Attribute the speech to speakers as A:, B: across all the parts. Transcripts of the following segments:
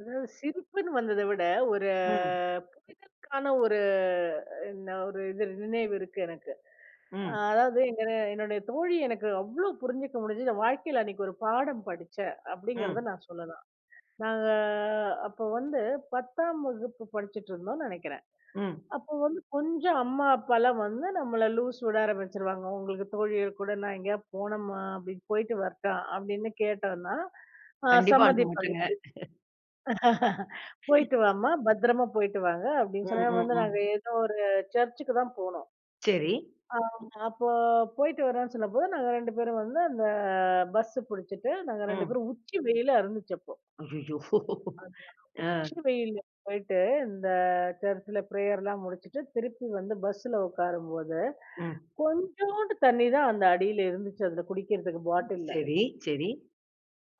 A: அதாவது, சிரிப்புன்னு வந்ததை விட ஒரு
B: ம்.
A: புரிதலுக்கான ஒரு என்ன ஒரு இது நினைவு இருக்கு எனக்கு. அ
B: ம்.
A: அதாவது, எங்கன என்னுடைய தோழி எனக்கு அவ்வளோ புரிஞ்சுக்க முடிஞ்சதுன்னு வாழ்க்கையில அன்னைக்கு ஒரு பாடம் படிச்சேன் அப்படிங்கிறத
B: ம்.
A: நான் சொல்லலாம். நாங்க அப்ப வந்து 10 வகுப்பு படிச்சிட்டு இருந்தோம்னு நினைக்கிறேன்.
B: ம்.
A: அப்ப வந்து கொஞ்சம் அம்மா, அப்பா எல்லாம் வந்து நம்மள லூஸ் விட ஆரம்பிச்சுருவாங்க. உங்களுக்கு தோழிகள் கூட நான் எங்கயாவது போனோமா அப்படின்னு போயிட்டு வரட்டா அப்படின்னு கேட்டோம்னா, அ
B: கண்டிப்பா. அனுப்ப
A: சம்மதிப்பாங்க.
B: மாட்டேங்க.
A: "போயிட்டு வாம்மா, பத்திரமா போயிட்டு வாங்க"
B: ம்,
A: அப்படின்னு சொன்னாங்க.
B: ம்,
A: வந்து நாங்க
B: ம்.
A: ஏதோ ஒரு சர்ச்சுக்குதான் போனோம்.
B: சரி.
A: ஆமா. அப்ப போயிட்டு வரோம்னு சொல்லும்போது, நாங்க 2 பேரும் வந்து அந்த பஸ் புடிச்சுட்டு நாங்க ரெண்டு
B: ம்.
A: பேரும் உச்சி வெயிலா இருந்துச்சு அப்போ.
B: அய்யய்யோ! அ.
A: உச்சி வெயிலு போயிட்டு இந்த சர்ச்ல பிரேயர் எல்லாம் முடிச்சுட்டு, திருப்பி வந்து பஸ்ல உட்காரும்போது,
B: ம்.
A: கொஞ்சூண்டு தண்ணிதான் அந்த அடியில இருந்துச்சு அதுல குடிக்கிறதுக்கு பாட்டில்ல.
B: சரி, சரி.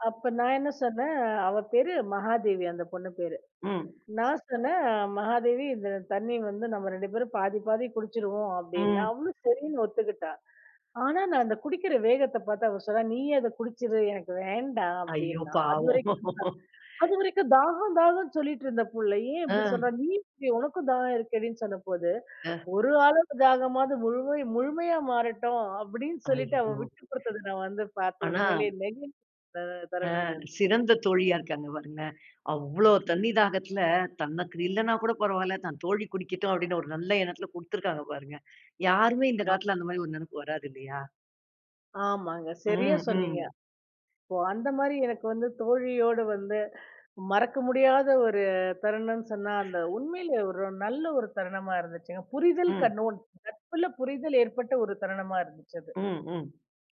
A: அப்ப நான் என்ன சொன்னேன், அவ பேரு மகாதேவி அந்த பொண்ணு பேரு.
B: ம்.
A: நான் சொன்னேன் "மகாதேவி இந்த தண்ணி வந்து நம்ம 2 பேரும் பாதி பாதி குடிச்சிருவோம்" அப்படின்னு.
B: ம்.
A: அவளும் சரின்னு ஒத்துக்கிட்டா. ஆனா, நான் இந்த குடிக்கிற வேகத்தை பார்த்து அவ சொன்னா "நீயே அதை குடிச்சிரு எனக்கு வேண்டாம்"
B: அய்யோ,
A: அப்படின்னா.
B: பாவம்!
A: அதுவரைக்கும் தான் அதுவரைக்கும் தாகம் தாகம்ன்னு சொல்லிட்டு இருந்த புள்ளை ஏன் இப்படி
B: அ.
A: சொல்றா, நீ குடி உனக்கும் தாகம் இருக்கேடின்னு சொன்ன போது,
B: அ.
A: ஒரு ஆளுடைய தாகமாவது முழமை முழுமையா மாறட்டும் அப்படின்னு சொல்லிட்டு அவ
B: அய்யோ!
A: விட்டு கொடுத்ததை நான் வந்து பார்த்து
B: ஆனா
A: உண்மையிலேயே நெகிழ்ந்த த
B: அ,
A: தருணங்க அது.
B: சிறந்த தோழியா இருக்காங்க பாருங்களேன். அவ்வளோ தண்ணி தாகத்துல, தனக்கு இல்லனா கூட பரவாயில்லை தன் தோழி குடிக்கட்டும் அப்படின்னு ஒரு நல்ல எண்ணத்துல குடுத்துருக்காங்க பாருங்க. யாருமே இந்த
A: ஆமா.
B: காலத்துல அந்த மாதிரி ஒரு நினைப்பு வராது இல்லையா?
A: ஆமாங்க, சரியா
B: ம், ம்.
A: சொன்னீங்க. ஓ! அந்த மாதிரி எனக்கு வந்து தோழியோடு வந்து மறக்க முடியாத ஒரு தருணம்ன்னு சொன்னா, அந்த உண்மையிலேயே ஒரு நல்ல ஒரு தருணமா இருந்துச்சுங்க. புரிதல்
B: ம்.
A: கண்ணோட் நட்புல புரிதல் ஏற்பட்ட ஒரு தருணமா இருந்துச்சு அது.
B: ம். ம்.